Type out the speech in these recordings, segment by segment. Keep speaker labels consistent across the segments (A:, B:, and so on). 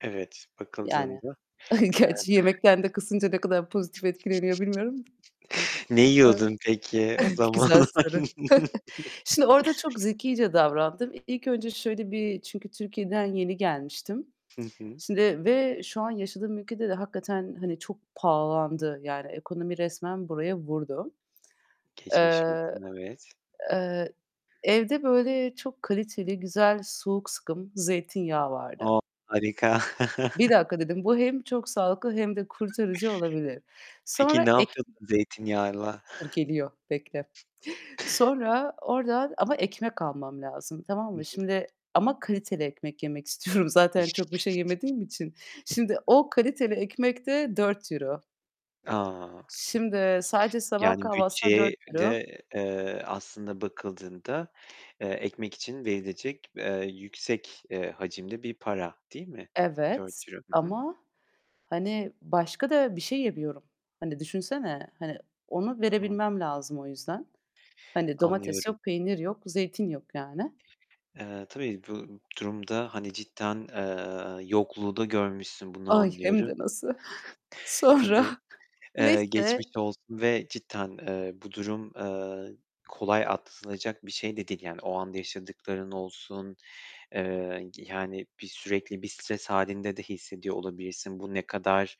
A: Evet,
B: Yani,
A: bakıldığında.
B: gerçi yemekten
A: Eee...
B: de kısınca ne kadar pozitif etkileniyor bilmiyorum
A: Ne
B: da. Evet,
A: yiyordun peki o
B: güzel
A: zamanlar?
B: soru. Şimdi orada çok zekice davrandım. İlk önce şöyle bir çünkü Türkiye'den yeni gelmiştim.
A: Hı hı.
B: Şimdi ve şu an yaşadığım ülkede de hakikaten, hani, çok pahalandı. Yani ekonomi resmen buraya vurdu.
A: Geçmiş
B: Eee,
A: olsun, evet.
B: eee, evde böyle çok kaliteli, güzel, soğuk sıkım zeytinyağı vardı.
A: O, harika!
B: "1 dakika." dedim. "Bu hem çok sağlıklı hem de kurtarıcı olabilir."
A: Peki,
B: Sonra
A: ne
B: ek
A: yapıyordun zeytinyağıyla?
B: Dur geliyor, bekle. Sonra oradan Ama ekmek almam lazım, tamam
A: Hı
B: mı?
A: hı.
B: Şimdi ama kaliteli ekmek yemek istiyorum. Zaten çok bir şey yemediğim için. Şimdi o kaliteli ekmek de €4
A: A!
B: Şimdi, sadece sabah
A: Yani,
B: kahvaltısına
A: bütçeye
B: €4
A: de, eee, aslında bakıldığında, eee, ekmek için verilecek, eee, yüksek, eee, hacimli bir para, değil mi dört
B: Evet
A: euro? Hı hı.
B: ama, hani, başka da bir şey yemiyorum. Hani, düşünsene, hani, onu
A: Tam
B: verebilmem lazım o yüzden. Hani, domates
A: Anlıyorum.
B: yok, peynir yok, zeytin yok yani.
A: Eee, tabii bu durumda, hani, cidden, eee, yokluğu da görmüşsün, bunu
B: Ay, hem
A: anlıyorum.
B: de nasıl! Sonra,
A: Tabii, eee,
B: neyse
A: geçmiş olsun ve cidden, eee, bu durum, eee, kolay atlatılacak bir şey de değil. Yani o anda yaşadıkların olsun, eee, g yani bir sürekli bir stres hâlinde de hissediyor olabilirsin. Bu ne kadar,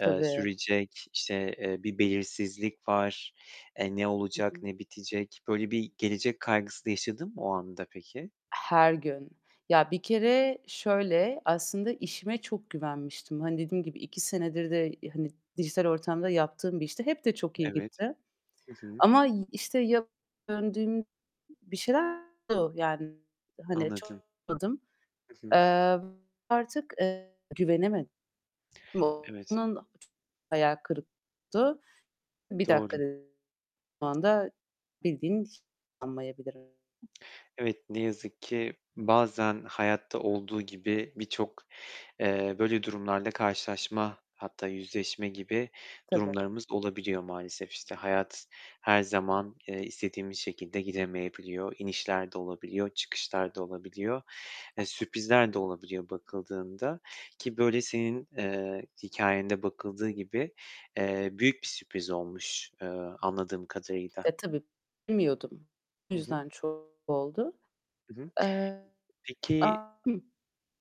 A: eee, sürecek? İşte, eee, bir belirsizlik var. E, ne
B: Hı
A: olacak,
B: hı.
A: ne bitecek? Böyle bir gelecek kaygısı da yaşadın mı o anda peki?
B: Her gün. Ya, bir kere şöyle; aslında işime çok güvenmiştim. Hani, dediğim gibi 2 senedir de, iii, hani, dijital ortamda yaptığım bir işti. Hep de çok iyi
A: Evet,
B: gitti.
A: hı hı.
B: Ama y işte, ya [unintelligible] döndüğüm bir şeyler oldu yani, hani,
A: Anladım.
B: çok [unintelligible] olmadım.
A: Hı hı.
B: Emm, artık, eee, güvenemedim. [unintelligible]
A: Evet.
B: Onun çok hayal kırıklığı oldu. "1 dakika."
A: Doğru.
B: dedim, "Şu anda bildiğin [unintelligible] mayabilirim"
A: Evet, ne yazık ki bazen hayatta olduğu gibi birçok, eee, böyle durumlarla karşılaşma, hatta yüzleşme gibi
B: Tabii.
A: durumlarımız olabiliyor maalesef. İşte, hayat her zaman, eee, istediğimiz şekilde gidemeyebiliyor. İnişler de olabiliyor, çıkışlar da olabiliyor. E,
B: [unintelligible]
A: sürprizler de olabiliyor bakıldığında, ki böyle senin, eee, hikâyende bakıldığı gibi, eee, büyük bir sürpriz olmuş, eee, anladığım kadarıyla.
B: E, tabii. Bilmiyordum. O
A: Hı hı.
B: yüzden çok [unintelligible] oldu.
A: Hı hı.
B: Eee,
A: Peki,
B: aaa Hı?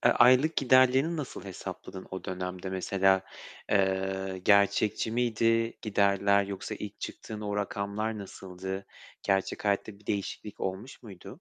A: e, aylık giderlerini nasıl hesapladın o dönemde mesela? Eee, gerçekçi miydi giderler yoksa ilk çıktığın o rakamlar nasıldı? Gerçek hayatta bir değişiklik olmuş muydu?